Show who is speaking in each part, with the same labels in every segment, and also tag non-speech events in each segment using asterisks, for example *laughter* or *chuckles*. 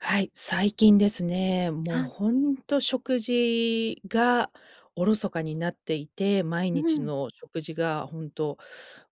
Speaker 1: はい、最近ですね、もう
Speaker 2: は。
Speaker 1: ほんと食事がおろそかになっていて、毎
Speaker 2: う
Speaker 1: 日
Speaker 2: ん。
Speaker 1: の食事が本当、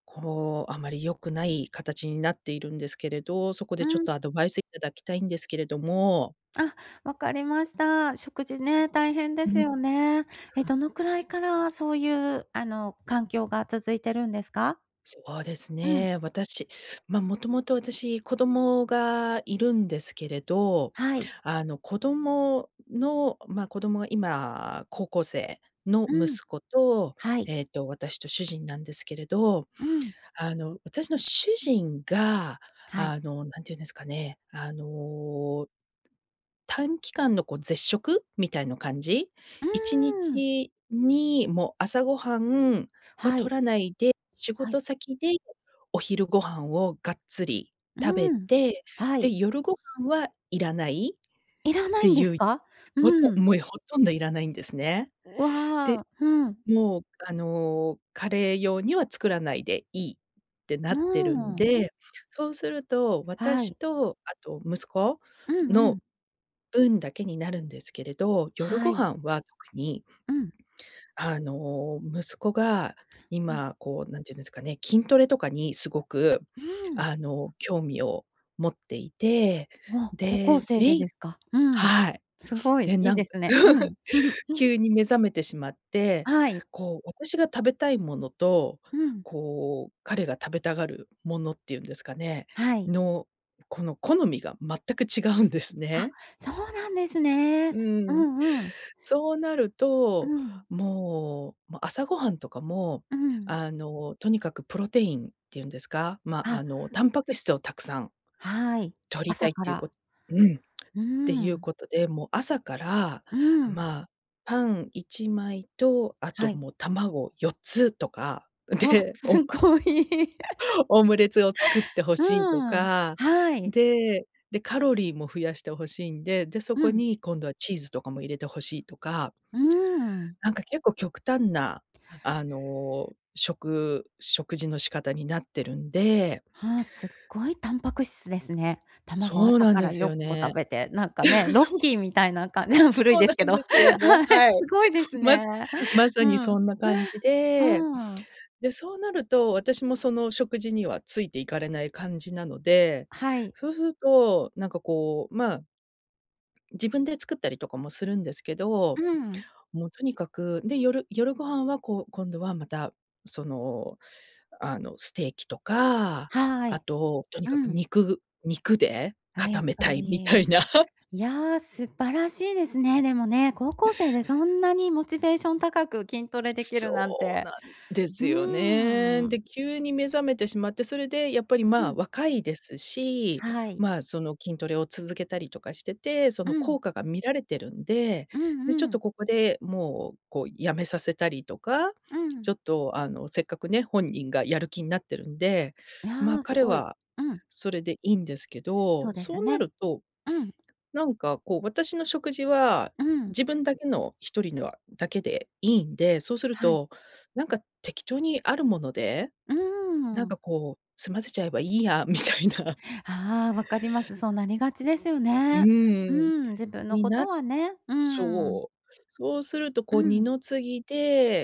Speaker 1: こう、あまり良くない形になっているんですけれど、そこ
Speaker 2: う
Speaker 1: でちょっ
Speaker 2: ーん。
Speaker 1: とアドバイスいただきたいんですけれども。
Speaker 2: あ、わかりました。食事
Speaker 1: は
Speaker 2: ね、
Speaker 1: い。
Speaker 2: 大変で
Speaker 1: う
Speaker 2: す
Speaker 1: ん。
Speaker 2: よね。え、どのくらいからそういう、あの、環境が続てるんですか？
Speaker 1: そうです
Speaker 2: うん。
Speaker 1: ね、私、ま、もともと私、子供がいるんですけれど、
Speaker 2: はい。
Speaker 1: あの子供のま、子供が今、高校生の
Speaker 2: うん。
Speaker 1: 息子と、
Speaker 2: はい。
Speaker 1: えっと私と主人なんですけれど、
Speaker 2: うん。
Speaker 1: あの、私の主人が、
Speaker 2: はい。
Speaker 1: あの、何て言うんですかね、あの短期間のこう絶食みたいの感じ？
Speaker 2: う
Speaker 1: いちに
Speaker 2: ーん。
Speaker 1: ちにもう朝ごはんは
Speaker 2: はい。
Speaker 1: 取らないで、仕
Speaker 2: はい。
Speaker 1: 事先でお昼ご飯をがっつり
Speaker 2: う
Speaker 1: 食べ
Speaker 2: ーん、
Speaker 1: て、
Speaker 2: は
Speaker 1: で、
Speaker 2: い。
Speaker 1: 夜ご飯はいらないっ
Speaker 2: いらな
Speaker 1: て
Speaker 2: いんで
Speaker 1: い
Speaker 2: す
Speaker 1: う、
Speaker 2: か？
Speaker 1: ほと
Speaker 2: うん。
Speaker 1: もう、え、ほとんどいらないんですね。
Speaker 2: う
Speaker 1: で、
Speaker 2: わ、ふん。
Speaker 1: もう、あの、彼用には作らないでいいって
Speaker 2: う
Speaker 1: な
Speaker 2: ー
Speaker 1: ってるん
Speaker 2: ん。
Speaker 1: で、そうすると、
Speaker 2: は
Speaker 1: 私
Speaker 2: い。
Speaker 1: とあと息子
Speaker 2: うんう
Speaker 1: の
Speaker 2: ん。
Speaker 1: 分だけになるんですけれど、夜
Speaker 2: は
Speaker 1: ご
Speaker 2: い。
Speaker 1: 飯は特に、
Speaker 2: うん。
Speaker 1: あの、息子が
Speaker 2: うん。
Speaker 1: 今、こう、何て言うんですかね、筋トレとかにすごく、
Speaker 2: うん。
Speaker 1: あの、興味を持っていて、
Speaker 2: うわ、高校
Speaker 1: で、
Speaker 2: 生で
Speaker 1: メイ
Speaker 2: ですか。うん。
Speaker 1: はい。
Speaker 2: すごい
Speaker 1: で、
Speaker 2: いい
Speaker 1: なん
Speaker 2: で
Speaker 1: か
Speaker 2: すね。う
Speaker 1: *chuckles*
Speaker 2: ん。*chuckles*
Speaker 1: 急に目覚めてしまって、
Speaker 2: はい。
Speaker 1: こう、私が食べたいものと、
Speaker 2: うん。
Speaker 1: こう彼が食べたがるものっていうんですかね、
Speaker 2: はい。
Speaker 1: の、この好みが全く違うんです
Speaker 2: あ、
Speaker 1: ね。
Speaker 2: そうなんですね。
Speaker 1: う
Speaker 2: う
Speaker 1: ん。
Speaker 2: んうん。
Speaker 1: そうなる
Speaker 2: う
Speaker 1: と、
Speaker 2: ん。
Speaker 1: もう、ま、朝ごはんとかも、
Speaker 2: うん。
Speaker 1: あの、とにかくプロテインっていうんですか、ま、
Speaker 2: あ。
Speaker 1: あのタンパク質をたくさん、
Speaker 2: はい。
Speaker 1: 摂りた
Speaker 2: 朝
Speaker 1: いっ
Speaker 2: か
Speaker 1: ていう
Speaker 2: ら。
Speaker 1: こうん、っ
Speaker 2: う
Speaker 1: ていう
Speaker 2: ん。
Speaker 1: ことで、もう朝から、
Speaker 2: うん。
Speaker 1: まあ、パン1枚と、あ
Speaker 2: は
Speaker 1: と
Speaker 2: い。
Speaker 1: もう卵4つとか、
Speaker 2: わ、
Speaker 1: で、オ
Speaker 2: す
Speaker 1: ム
Speaker 2: ごい。*laughs*
Speaker 1: *chuckles* オムレツを作って欲
Speaker 2: う
Speaker 1: しいと
Speaker 2: ーん、
Speaker 1: か、
Speaker 2: はい。
Speaker 1: で、で、カロリーも増やして欲しいんで、で、そ
Speaker 2: う
Speaker 1: こ
Speaker 2: ん。
Speaker 1: に今度はチーズとかも入れて欲しいとか。
Speaker 2: うーん。
Speaker 1: なんか結構極端なあの、食食事の仕方になってるんで。
Speaker 2: は、すっごいタンパク質ですね。卵
Speaker 1: そう
Speaker 2: 朝
Speaker 1: なん
Speaker 2: か
Speaker 1: で
Speaker 2: ら
Speaker 1: す
Speaker 2: よ
Speaker 1: よ
Speaker 2: んこ
Speaker 1: ね。
Speaker 2: 食べて、なんかね、
Speaker 1: *laughs*
Speaker 2: ロッ
Speaker 1: そう、え、
Speaker 2: キーみたいな感じの、古い
Speaker 1: そう
Speaker 2: で
Speaker 1: な
Speaker 2: す
Speaker 1: ん
Speaker 2: けど、は
Speaker 1: ですよね。
Speaker 2: い、
Speaker 1: は
Speaker 2: す
Speaker 1: い。
Speaker 2: ごいです
Speaker 1: ます
Speaker 2: ね。
Speaker 1: まさ
Speaker 2: う
Speaker 1: にそ
Speaker 2: ん。
Speaker 1: んな感じで、
Speaker 2: うん。
Speaker 1: で、そうなると、私もその食事にはついて行かれない感じなので、
Speaker 2: はい。
Speaker 1: そうすると、なんかこう、まあ自分で作ったりとかもするんですけど、
Speaker 2: うん。
Speaker 1: もうとにかく、で、夜夜ご飯はこう、今度はまた、その、あの、ステーキとか、
Speaker 2: は
Speaker 1: あ
Speaker 2: い。
Speaker 1: と、とに
Speaker 2: う
Speaker 1: かく
Speaker 2: ん。
Speaker 1: 肉肉で
Speaker 2: あ、や
Speaker 1: 固
Speaker 2: っ
Speaker 1: めた
Speaker 2: ぱ
Speaker 1: いみた
Speaker 2: り、
Speaker 1: いな。
Speaker 2: いや、素晴らしいですね。でもね、高校生でそんなにモチベーション高く筋トレできるなん
Speaker 1: そう
Speaker 2: て、
Speaker 1: なんです
Speaker 2: う
Speaker 1: よね。
Speaker 2: ー
Speaker 1: で、
Speaker 2: ん。す
Speaker 1: 急に目覚めてしまって、それでやっぱり、
Speaker 2: う
Speaker 1: まあ、
Speaker 2: ん。
Speaker 1: 若いですし、
Speaker 2: はい。
Speaker 1: まあ、その筋トレを続けたりとかしてて、そ
Speaker 2: う
Speaker 1: の
Speaker 2: ん。
Speaker 1: 効果が見られてるんで、
Speaker 2: うん
Speaker 1: で、ちょ
Speaker 2: う
Speaker 1: っ
Speaker 2: ん。
Speaker 1: とここで、もうこう止めさせたりとか、
Speaker 2: う
Speaker 1: ち
Speaker 2: ん。
Speaker 1: ょっとあの、せっかくね、本人がやる気んなってるんで、
Speaker 2: い
Speaker 1: まあ、
Speaker 2: や、す
Speaker 1: 彼
Speaker 2: ごい。
Speaker 1: は
Speaker 2: うん。
Speaker 1: それでいいんですけ
Speaker 2: そ
Speaker 1: ど、
Speaker 2: うです
Speaker 1: そうな
Speaker 2: ね。
Speaker 1: ると、
Speaker 2: うん。
Speaker 1: なんか、こう、私の食事は、
Speaker 2: うん。
Speaker 1: 自分だけの一人ぬあだけでいいんで、そうする
Speaker 2: はい。
Speaker 1: と、なんか適当にあるもので、
Speaker 2: うー
Speaker 1: なん
Speaker 2: ん。
Speaker 1: かこう、済ませちゃえばいいやみたいな。
Speaker 2: ああ、分かります。そうなりがちですよ
Speaker 1: う
Speaker 2: ね。う
Speaker 1: ーん、
Speaker 2: ん、自分の
Speaker 1: に
Speaker 2: こ
Speaker 1: な
Speaker 2: と
Speaker 1: っ
Speaker 2: はね。うん。
Speaker 1: そう。そうすると
Speaker 2: う
Speaker 1: こう二
Speaker 2: ん。
Speaker 1: の次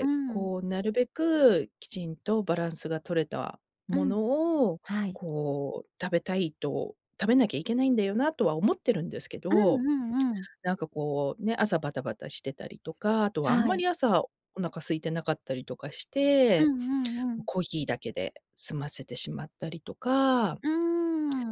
Speaker 2: うん。
Speaker 1: こうなるべくきちんとバランスが取れた
Speaker 2: う
Speaker 1: も
Speaker 2: ん。
Speaker 1: のを、
Speaker 2: はい。
Speaker 1: こう、食べたいと、食べなきゃいけないんだよなとは思ってるんですけ
Speaker 2: うん
Speaker 1: ど、
Speaker 2: うんうん。
Speaker 1: なんかこう、ね、朝バタバタしてたりとか、あとはあん
Speaker 2: は
Speaker 1: ま
Speaker 2: い。
Speaker 1: り朝、お腹空いてなかったりとかし
Speaker 2: う
Speaker 1: て、
Speaker 2: んうんう
Speaker 1: も、
Speaker 2: ん。
Speaker 1: コーヒーだけで済ませてしまったりとか
Speaker 2: うー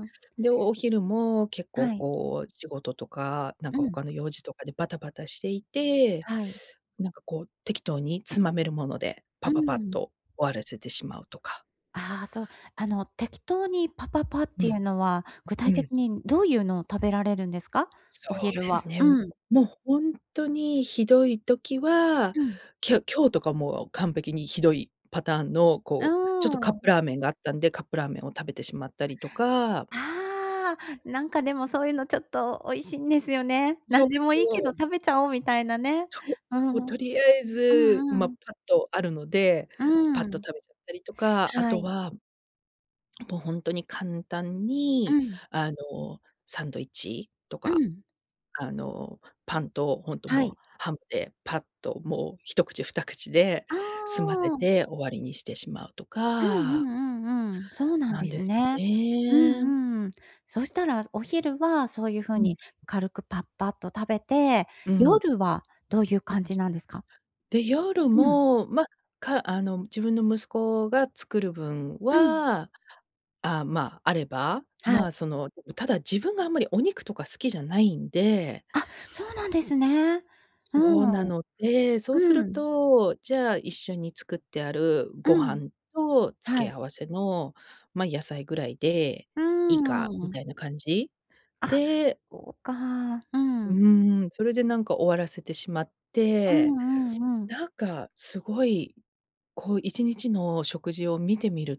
Speaker 2: ん。
Speaker 1: で、お昼も結構
Speaker 2: はい。
Speaker 1: こう、仕事とか、なん
Speaker 2: う
Speaker 1: か
Speaker 2: ん。
Speaker 1: 他の用事とかでバタバタしていて、
Speaker 2: はい。
Speaker 1: なんかこう、適当につまめるもので、
Speaker 2: う
Speaker 1: パパパっ
Speaker 2: ん。
Speaker 1: と終わらせてしまうとか。
Speaker 2: ああ、そう、あの、適当にパパパっ
Speaker 1: う
Speaker 2: てい
Speaker 1: ん。
Speaker 2: うのは、具
Speaker 1: う
Speaker 2: 体的
Speaker 1: ん。
Speaker 2: にどういうのを食べられるんですか？
Speaker 1: そ
Speaker 2: お
Speaker 1: う
Speaker 2: 昼
Speaker 1: で
Speaker 2: は。
Speaker 1: すね。も
Speaker 2: うん。
Speaker 1: うホントにひどい時は、
Speaker 2: うん。
Speaker 1: きょ今日とかも完璧にひどいパターンの、
Speaker 2: あ、
Speaker 1: こう、ちょっとカ
Speaker 2: う
Speaker 1: ップ
Speaker 2: ん。
Speaker 1: ラーメンがあったんで、カップラーメンを食べてしまったりとか。
Speaker 2: ああ、なんかでもそういうのちょっと美味しいんですよね。
Speaker 1: そ
Speaker 2: 何
Speaker 1: う
Speaker 2: でもいいけ
Speaker 1: そ
Speaker 2: ど
Speaker 1: う。
Speaker 2: 食べちゃおうみたいなね。
Speaker 1: そう
Speaker 2: う
Speaker 1: そう、
Speaker 2: ん、う。
Speaker 1: とりあえ
Speaker 2: う
Speaker 1: ず、
Speaker 2: ん
Speaker 1: ま、
Speaker 2: う
Speaker 1: パ
Speaker 2: ん。
Speaker 1: ッとあるので、
Speaker 2: う
Speaker 1: パッと
Speaker 2: ん。
Speaker 1: 食べちゃったりとか、あ
Speaker 2: は
Speaker 1: と
Speaker 2: い。
Speaker 1: は、もうほんとに簡単
Speaker 2: う
Speaker 1: に、
Speaker 2: ん。
Speaker 1: あの、サンドイッチと
Speaker 2: う
Speaker 1: か、
Speaker 2: ん。
Speaker 1: あの、パンとほんと
Speaker 2: は
Speaker 1: もう
Speaker 2: い。
Speaker 1: ハムでパッともう1口2口で
Speaker 2: あ
Speaker 1: 済ませ
Speaker 2: あ。
Speaker 1: て終わりにしてしまうと
Speaker 2: うん
Speaker 1: か。
Speaker 2: うんうんうん。そうなん
Speaker 1: な
Speaker 2: で
Speaker 1: んで
Speaker 2: す
Speaker 1: すよ
Speaker 2: ね。う
Speaker 1: ね。
Speaker 2: んうん。そしたらお昼はそういう風
Speaker 1: うん。
Speaker 2: に軽くパッパッと食べて、
Speaker 1: うん。
Speaker 2: 夜はどういう感じなんですか？
Speaker 1: で、夜
Speaker 2: うん。
Speaker 1: も、ま、かあの、自分の息子が作る分
Speaker 2: うん。
Speaker 1: は、あ、ま、あれば、
Speaker 2: は
Speaker 1: ま、
Speaker 2: い。
Speaker 1: その、ただ自分があんまりお肉とか好きじゃないんで。
Speaker 2: あ、そうなんですね。う
Speaker 1: そうな
Speaker 2: ん。
Speaker 1: ので、そうす
Speaker 2: う
Speaker 1: る
Speaker 2: ん。
Speaker 1: と、じゃあ一緒に作ってある
Speaker 2: う
Speaker 1: ご
Speaker 2: ん。
Speaker 1: 飯と
Speaker 2: は
Speaker 1: 付け
Speaker 2: い。
Speaker 1: 合わせの、ま、野菜ぐらいで
Speaker 2: う
Speaker 1: いいか、み
Speaker 2: ん。
Speaker 1: たいな感じ
Speaker 2: あ、
Speaker 1: で
Speaker 2: おうか、う
Speaker 1: う
Speaker 2: ん。
Speaker 1: ーん、それでなんか終わらせてしまっ
Speaker 2: う
Speaker 1: て、
Speaker 2: んうんうん。
Speaker 1: なんかすごい、こう一日の食事を見てみる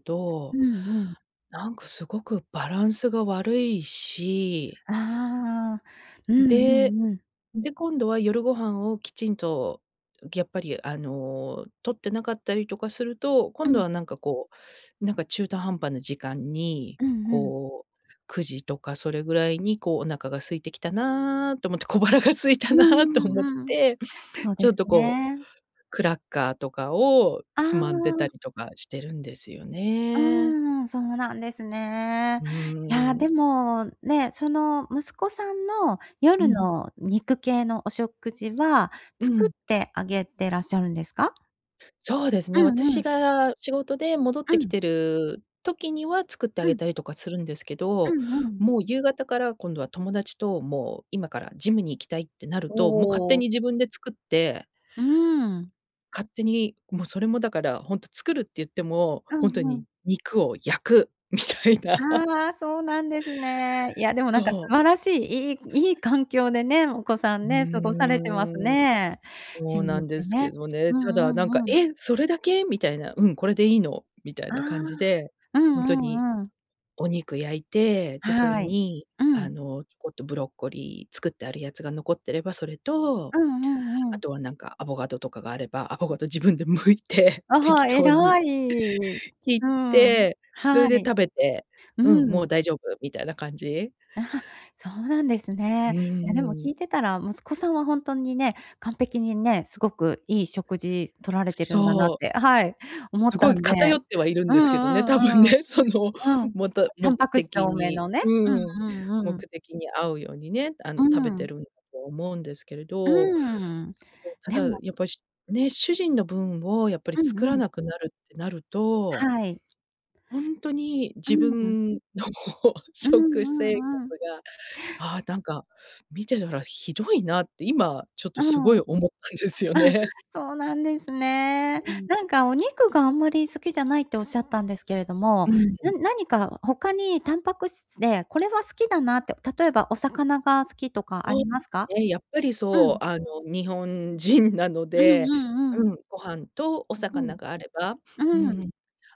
Speaker 2: う
Speaker 1: と、
Speaker 2: んうん。
Speaker 1: なんかすごくバランスが悪いし
Speaker 2: ああ、うんう
Speaker 1: で、
Speaker 2: んうん。
Speaker 1: で、今度は夜ご飯をきちんと、やっぱりあの、取ってなかったりとかすると、
Speaker 2: う
Speaker 1: 今度
Speaker 2: ん。
Speaker 1: はなんかこう、なんか中途半端な時間に
Speaker 2: うんうん。
Speaker 1: こう、9時とかそれぐらいにこう、お腹が空いてきたなと思って、小腹が空い
Speaker 2: う
Speaker 1: た
Speaker 2: ん
Speaker 1: なと
Speaker 2: う
Speaker 1: 思っ
Speaker 2: んうん。
Speaker 1: て、
Speaker 2: そう
Speaker 1: ち
Speaker 2: で
Speaker 1: ょ
Speaker 2: す
Speaker 1: っとこう、
Speaker 2: ね。
Speaker 1: クラッカーとかを
Speaker 2: あ
Speaker 1: つまんでた
Speaker 2: あ。
Speaker 1: りとかしてるんですよ
Speaker 2: うー
Speaker 1: ね。
Speaker 2: ん、そうなんですね。
Speaker 1: う
Speaker 2: いや、
Speaker 1: ーん。
Speaker 2: でもね、その息子さんの夜
Speaker 1: うん。
Speaker 2: の肉系のお食事は、
Speaker 1: う
Speaker 2: 作
Speaker 1: ん。
Speaker 2: ってあげてらっしゃるんですか？
Speaker 1: そうです
Speaker 2: う
Speaker 1: ね。
Speaker 2: んう
Speaker 1: 私
Speaker 2: ん。
Speaker 1: が仕事で戻っ
Speaker 2: う
Speaker 1: てき
Speaker 2: ん。
Speaker 1: てる時には、作ってあ
Speaker 2: う
Speaker 1: げ
Speaker 2: ん。
Speaker 1: たりとかするんですけ
Speaker 2: う
Speaker 1: ど、
Speaker 2: んうん。
Speaker 1: もう、夕方から、今度は友達と、もう、今からジムに行きたいってなると、もう勝
Speaker 2: お
Speaker 1: 手
Speaker 2: お。
Speaker 1: に自分で作って
Speaker 2: うーん。
Speaker 1: 勝手に、もう、それもだからほんと作るって言っても、
Speaker 2: う
Speaker 1: ほんと
Speaker 2: んうん。
Speaker 1: に肉を焼くみたいな。
Speaker 2: ああ、そうなんですね。いや、でもなんか、
Speaker 1: そ
Speaker 2: 素
Speaker 1: う。
Speaker 2: 晴らしい、いいいい環境でね、お子さん
Speaker 1: う
Speaker 2: ね、過ごされてます
Speaker 1: ーん。
Speaker 2: ね。ジ
Speaker 1: そう
Speaker 2: ム
Speaker 1: なん
Speaker 2: 行っ
Speaker 1: で
Speaker 2: て
Speaker 1: すけ
Speaker 2: ね。
Speaker 1: どね。
Speaker 2: う
Speaker 1: ただ、な
Speaker 2: ん
Speaker 1: んか、
Speaker 2: うんうん。
Speaker 1: 「え、それだけ？」みたいな。「うん、これでいいの」みたい
Speaker 2: ああ、
Speaker 1: な感じで、
Speaker 2: うん
Speaker 1: ほんとに
Speaker 2: うんうん。
Speaker 1: お肉焼いて、で、それ
Speaker 2: はい。
Speaker 1: に、
Speaker 2: う
Speaker 1: あ
Speaker 2: ん。
Speaker 1: の、ちょこっとブロッコリー作ってあるやつが残ってれば、それと、
Speaker 2: うんうんう
Speaker 1: あ
Speaker 2: ん。
Speaker 1: とはなんか、アボガドとかがあれば、アボガド自分で剥いて、
Speaker 2: あ
Speaker 1: 適
Speaker 2: は、
Speaker 1: 当に
Speaker 2: 偉い。
Speaker 1: 切っ
Speaker 2: うん。
Speaker 1: て、そ
Speaker 2: は
Speaker 1: れで
Speaker 2: い。
Speaker 1: 食べて、うん、
Speaker 2: う
Speaker 1: もう
Speaker 2: ん。
Speaker 1: 大丈夫みたいな感じ。
Speaker 2: *chuckles* そうなんです
Speaker 1: う
Speaker 2: ね。いやでも聞
Speaker 1: ん。
Speaker 2: いてたら、息子さんはほんとにね、完璧にね、すごくいい食事取られてるんだなっ
Speaker 1: そう。
Speaker 2: て、はい、思っ
Speaker 1: すご
Speaker 2: た
Speaker 1: い
Speaker 2: んで。
Speaker 1: 偏ってはいるん
Speaker 2: う
Speaker 1: ですけどね、
Speaker 2: んう
Speaker 1: 多分
Speaker 2: んうん。
Speaker 1: ね。その、
Speaker 2: うん。
Speaker 1: もと
Speaker 2: タン
Speaker 1: 目
Speaker 2: パク質
Speaker 1: 的
Speaker 2: 多め
Speaker 1: に
Speaker 2: のね。う
Speaker 1: うん、
Speaker 2: んうん
Speaker 1: 目
Speaker 2: うん。
Speaker 1: 的に合うようにね、あ
Speaker 2: う
Speaker 1: の、食べて
Speaker 2: ん。
Speaker 1: るんだと思うんですけれ
Speaker 2: う
Speaker 1: ど。
Speaker 2: ん。
Speaker 1: た
Speaker 2: で
Speaker 1: だ
Speaker 2: も
Speaker 1: やっぱしね、主人の分をやっぱり
Speaker 2: うん
Speaker 1: 作
Speaker 2: う
Speaker 1: ら
Speaker 2: ん。
Speaker 1: なくなるってなると
Speaker 2: はい。
Speaker 1: ほんとに、
Speaker 2: う
Speaker 1: 自
Speaker 2: んん。
Speaker 1: 分の
Speaker 2: うんう
Speaker 1: 食生活
Speaker 2: んうん。
Speaker 1: が、ああ、なんか見てたらひどいなって、今ちょっと
Speaker 2: う
Speaker 1: すご
Speaker 2: ん。
Speaker 1: い
Speaker 2: あ、
Speaker 1: 思ったんですよね。
Speaker 2: そうなんですね。
Speaker 1: うん。
Speaker 2: なんか、お肉があんまり好きじゃないって仰ったんですけれども、
Speaker 1: う
Speaker 2: な
Speaker 1: ん。
Speaker 2: 何か他にタンパク質でこれは好きだなって、例えばお魚が好きとかあ
Speaker 1: そう、
Speaker 2: りますか？
Speaker 1: ね、やっぱり
Speaker 2: う
Speaker 1: そ
Speaker 2: ん。
Speaker 1: う。あの、日本人なの
Speaker 2: うん
Speaker 1: で、
Speaker 2: うんうん。
Speaker 1: うん、ご飯とお
Speaker 2: うん。
Speaker 1: 魚があれば、う
Speaker 2: うん。
Speaker 1: ん。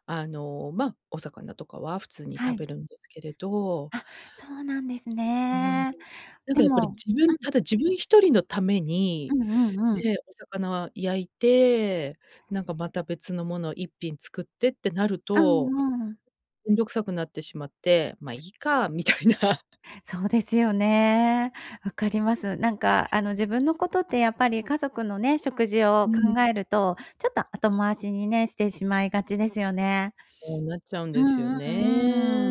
Speaker 1: あの、ま、お魚とかは普通に
Speaker 2: は
Speaker 1: 食
Speaker 2: い。
Speaker 1: べるんですけれど。
Speaker 2: あ、そうなんです
Speaker 1: うん。
Speaker 2: ね。
Speaker 1: なん
Speaker 2: で
Speaker 1: か、やっぱり
Speaker 2: も
Speaker 1: 自
Speaker 2: う
Speaker 1: 分
Speaker 2: ん。
Speaker 1: ただ自分一人のため
Speaker 2: う
Speaker 1: に、
Speaker 2: んうんうん。
Speaker 1: ね、お魚焼いて、なんか、また別のものを一品作ってってなる
Speaker 2: う
Speaker 1: と、
Speaker 2: んうん。
Speaker 1: 面倒くさくなってしまって、ま、いいかみたいな。
Speaker 2: そうですよね。分かります。なんか、あの、自分のことってやっぱり家族のね、食事を
Speaker 1: うん。
Speaker 2: 考えると、ちょっと、後回しにね、してしまいがちですよね。
Speaker 1: こうなっちゃうん
Speaker 2: う
Speaker 1: ですよ
Speaker 2: んう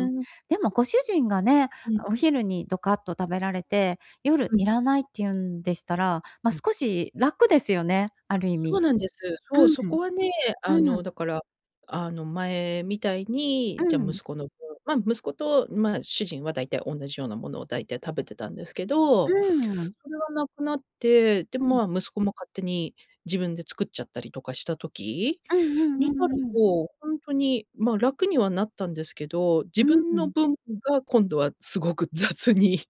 Speaker 2: んうん。でもご主人がね、
Speaker 1: うん。
Speaker 2: お昼にドカッと食べられて、夜
Speaker 1: うん。
Speaker 2: 要らないって言うんでしたら、ま、
Speaker 1: うん。
Speaker 2: 少し楽ですよね、ある意
Speaker 1: そう
Speaker 2: 味。
Speaker 1: なんです。そう、そ
Speaker 2: うん。
Speaker 1: こはね、あ
Speaker 2: うん。
Speaker 1: の、だから、あの、前みたいに、
Speaker 2: う
Speaker 1: じゃ、
Speaker 2: ん。
Speaker 1: 息子の方ま、息子と、ま、主人は大体おんなじようなものを大体食べてたんですけ
Speaker 2: う
Speaker 1: ど、
Speaker 2: ん。
Speaker 1: それは無くなって、で
Speaker 2: うん。
Speaker 1: も、ま、息子も勝手に自分で作っちゃったりとかした時、
Speaker 2: うんうん
Speaker 1: に
Speaker 2: う
Speaker 1: なる
Speaker 2: んうん。
Speaker 1: と、ほんとに、ま、楽にはなったんですけど、自
Speaker 2: う
Speaker 1: 分の
Speaker 2: ん。
Speaker 1: 分が今度はすごく雑に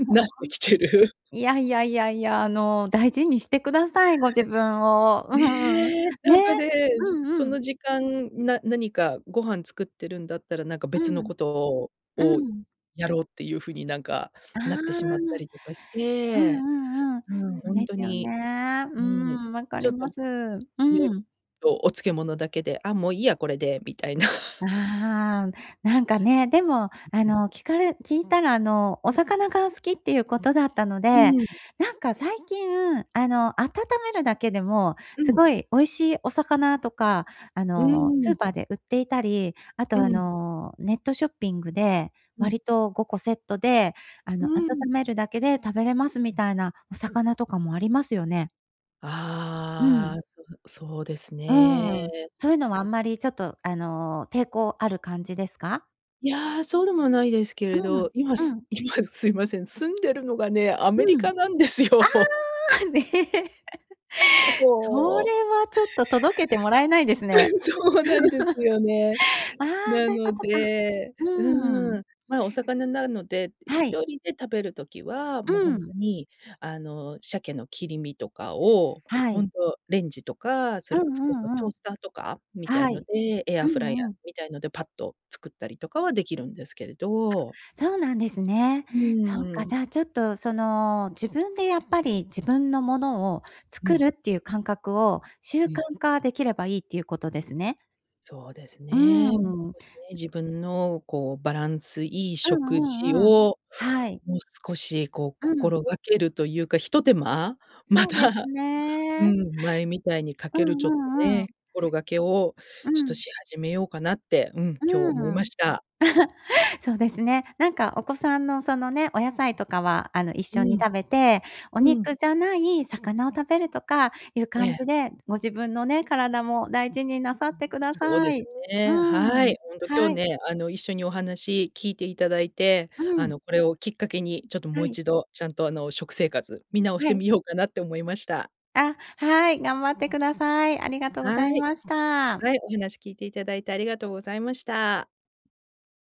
Speaker 2: そう
Speaker 1: なって
Speaker 2: *unintelligible*
Speaker 1: きてる。
Speaker 2: いやいやいやいや。あの、大事にしてください、ご自分を。うん。
Speaker 1: ね、な
Speaker 2: ね。
Speaker 1: んかね、
Speaker 2: う
Speaker 1: そそ
Speaker 2: んうん。
Speaker 1: の時間、な何かご飯作ってるんだったら、なんか、
Speaker 2: う
Speaker 1: 別の
Speaker 2: ん。
Speaker 1: ことを
Speaker 2: う
Speaker 1: を、
Speaker 2: ん。
Speaker 1: やろうっていう風になんか、
Speaker 2: ああ、
Speaker 1: なって
Speaker 2: う
Speaker 1: しまった
Speaker 2: ん
Speaker 1: りとかして、
Speaker 2: うんうん。
Speaker 1: うん。
Speaker 2: そう
Speaker 1: ほん
Speaker 2: で
Speaker 1: と
Speaker 2: すよ
Speaker 1: に
Speaker 2: ね。う
Speaker 1: うん。
Speaker 2: ん、分か
Speaker 1: ち
Speaker 2: り
Speaker 1: ょっ
Speaker 2: ま
Speaker 1: と
Speaker 2: す。う
Speaker 1: *unintelligible*
Speaker 2: ん。
Speaker 1: とお漬物だけで、あ、もういいやこれで、みたいな。
Speaker 2: ああ。なんかね、でも、あ
Speaker 1: ううん。
Speaker 2: の、聞かれ聞いたら、あの、お魚が好きっていうことだったの
Speaker 1: う
Speaker 2: で、
Speaker 1: ん。
Speaker 2: なんか最近、あの、温めるだけでも
Speaker 1: う
Speaker 2: す
Speaker 1: ん。
Speaker 2: ごい美味しいお魚とか、あ
Speaker 1: う
Speaker 2: の、スー
Speaker 1: ん。
Speaker 2: パーで売っていたり、あ
Speaker 1: う
Speaker 2: とあ
Speaker 1: ん。
Speaker 2: の、ネットショッピングで、
Speaker 1: うん。
Speaker 2: 割と5個セットで、あ
Speaker 1: う
Speaker 2: の、温
Speaker 1: ん。
Speaker 2: めるだけで食べれますみたいなお魚とかもありますよね。う
Speaker 1: あ
Speaker 2: ん。
Speaker 1: あ、うん、そうです
Speaker 2: う
Speaker 1: ね。
Speaker 2: ん。そういうのはあんまり、ちょっと、あの、抵抗ある感じですか？
Speaker 1: いや、そうでもないですけ
Speaker 2: う
Speaker 1: れ
Speaker 2: ん、
Speaker 1: ど、今
Speaker 2: う
Speaker 1: す
Speaker 2: ん。
Speaker 1: 今すいません、住んでるのがね、アメ
Speaker 2: う
Speaker 1: リ
Speaker 2: ん。あ
Speaker 1: カな
Speaker 2: あ、
Speaker 1: んですよ。
Speaker 2: *laughs* そ
Speaker 1: そう。
Speaker 2: れはちょっと届けてもらえないです
Speaker 1: う
Speaker 2: ね。
Speaker 1: ん、
Speaker 2: *unintelligible*
Speaker 1: そうなんですよね。
Speaker 2: *laughs* ああ、
Speaker 1: な
Speaker 2: そういうこ
Speaker 1: の
Speaker 2: とか。
Speaker 1: で
Speaker 2: う
Speaker 1: う
Speaker 2: ん。
Speaker 1: ーん、ま、お魚なるので、
Speaker 2: は
Speaker 1: 一
Speaker 2: い。
Speaker 1: 人で食べる時は、
Speaker 2: う
Speaker 1: もうほん
Speaker 2: ん。
Speaker 1: とに、あの、シャケの切り身とかを、
Speaker 2: は
Speaker 1: ほ
Speaker 2: い。
Speaker 1: んとレンジとか、そ
Speaker 2: う
Speaker 1: れこ
Speaker 2: ん
Speaker 1: そ、こ
Speaker 2: う
Speaker 1: う、そう、
Speaker 2: ん
Speaker 1: ト
Speaker 2: う
Speaker 1: ー
Speaker 2: ん。
Speaker 1: スターとかみたい
Speaker 2: は
Speaker 1: の
Speaker 2: い。
Speaker 1: で、エ
Speaker 2: う
Speaker 1: アフライヤ
Speaker 2: んう
Speaker 1: ー
Speaker 2: ん。
Speaker 1: みたいのでパッと作ったりとかはできるんですけれど。
Speaker 2: あ、そうなんですね。
Speaker 1: う
Speaker 2: そっか、
Speaker 1: ん。
Speaker 2: じゃあ、ちょっとその、自分でやっぱり自分のものを
Speaker 1: う
Speaker 2: 作
Speaker 1: ん。
Speaker 2: るっていう感覚を習
Speaker 1: う
Speaker 2: 慣
Speaker 1: ん。
Speaker 2: 化できればいいっていうことですね。
Speaker 1: そうです
Speaker 2: う
Speaker 1: ね、もう
Speaker 2: ん。
Speaker 1: 少しね、自分の、こう、バランスいい
Speaker 2: うん
Speaker 1: 食
Speaker 2: う
Speaker 1: 事
Speaker 2: んうん。
Speaker 1: を、
Speaker 2: はい。
Speaker 1: もう少しこう
Speaker 2: うん。
Speaker 1: 心がけるというか、一手間？ま
Speaker 2: そうです
Speaker 1: た、う
Speaker 2: ね。
Speaker 1: ん、前みたいにか
Speaker 2: う
Speaker 1: ける、ち
Speaker 2: ん
Speaker 1: ょっ
Speaker 2: う
Speaker 1: と
Speaker 2: んうん。
Speaker 1: ね、心がけを
Speaker 2: う
Speaker 1: ちょっと
Speaker 2: ん。
Speaker 1: し始めようかなって、うん、今日思い
Speaker 2: う
Speaker 1: ま
Speaker 2: ん。
Speaker 1: した。
Speaker 2: *chuckles* そうですね。なんかお子さんの、そのね、お野菜とかは、あの、一
Speaker 1: う
Speaker 2: 緒に
Speaker 1: ん。
Speaker 2: 食べて、お
Speaker 1: うん。
Speaker 2: 肉じゃない魚を食べるとかいう
Speaker 1: え
Speaker 2: 感
Speaker 1: え。
Speaker 2: じで、ご自分のね、体も大事になさってくだ
Speaker 1: そうで
Speaker 2: さ
Speaker 1: す
Speaker 2: い。う
Speaker 1: ね。は
Speaker 2: ん、
Speaker 1: い。ほんと今
Speaker 2: は
Speaker 1: 日
Speaker 2: い。
Speaker 1: ね、あの一緒にお話聞いていただいて、
Speaker 2: う
Speaker 1: あ
Speaker 2: ん。
Speaker 1: の、これをきっかけに、ちょっと
Speaker 2: は
Speaker 1: もう
Speaker 2: い。
Speaker 1: 一度、ちゃんとあの食生活、見直し
Speaker 2: は
Speaker 1: て
Speaker 2: い。
Speaker 1: みようかなって思いました。
Speaker 2: あ、はい、頑張ってください。ありがとうござ
Speaker 1: は
Speaker 2: い
Speaker 1: い。
Speaker 2: ました。
Speaker 1: はい、お話聞いていただいて、ありがとうございました。